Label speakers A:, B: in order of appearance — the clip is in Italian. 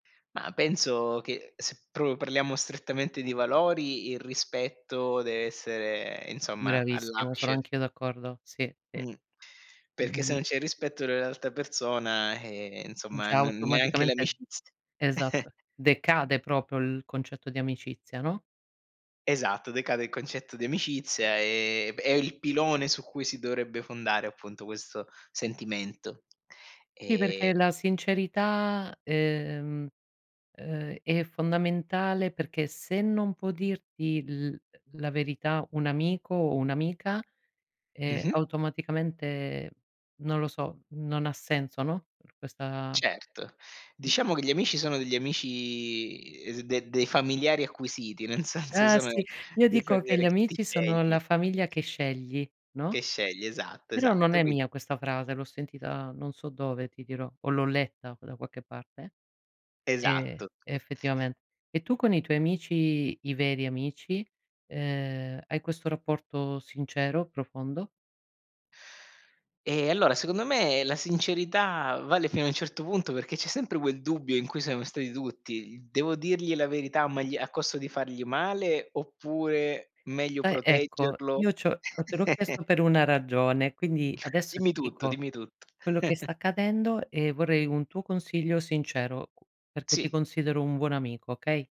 A: Ma penso che se proprio parliamo strettamente di valori, il rispetto deve essere, insomma,
B: Bravissimo, sono
A: all'apice.
B: anch'io d'accordo. Sì, sì.
A: Mh, perché se
B: Mh-mh.
A: non c'è rispetto dell'altra persona, eh, insomma,
B: Già
A: non neanche
B: automaticamente
A: l'amicizia
B: esatto, decade proprio il concetto di amicizia, no?
A: Esatto, decade il concetto di amicizia e b è il pilone su cui si dovrebbe fondare appunto questo sentimento.
B: Sì,
A: Ehm
B: perché la sincerità, ehm, uhm è fondamentale perché se non può dirti l la verità un amico o un'amica, ehm,
A: Mh-mh.
B: automaticamente non lo so, non ha senso, no, per questa
A: Certo,
B: mh
A: diciamo che gli amici sono degli amici de de dei familiari acquisiti, nel senso
B: Eh,
A: sono
B: sì. Io
A: dei
B: dico che gli
A: familiari che ti
B: amici sono
A: scegli.
B: la famiglia che scegli, no?
A: Che scegli, esatto,
B: Però non
A: esatto,
B: è
A: quin
B: mia questa frase, l'ho sentita non so dove, ti dirò, o l'ho letta da qualche parte, ehm,
A: Esatto.
B: effettivamente. E tu con i tuoi amici, i veri amici, uhm, hai questo rapporto sincero, profondo?
A: Ehm, allora secondo me la sincerità vale fino a un certo punto perché c'è sempre quel dubbio in cui siamo stati tutti. "Devo dirgli la verità o magli a costo di fargli male oppure meglio
B: Eh, ecco,
A: proteggerlo?"
B: io c'ho te l'ho chiesto per una ragione, quindi adesso
A: Dimmi
B: ti
A: tutto,
B: dico
A: dimmi tutto.
B: quello che sta accadendo e vorrei un tuo consiglio sincero, u perché ti
A: Sì.
B: considero un buon amico, okay?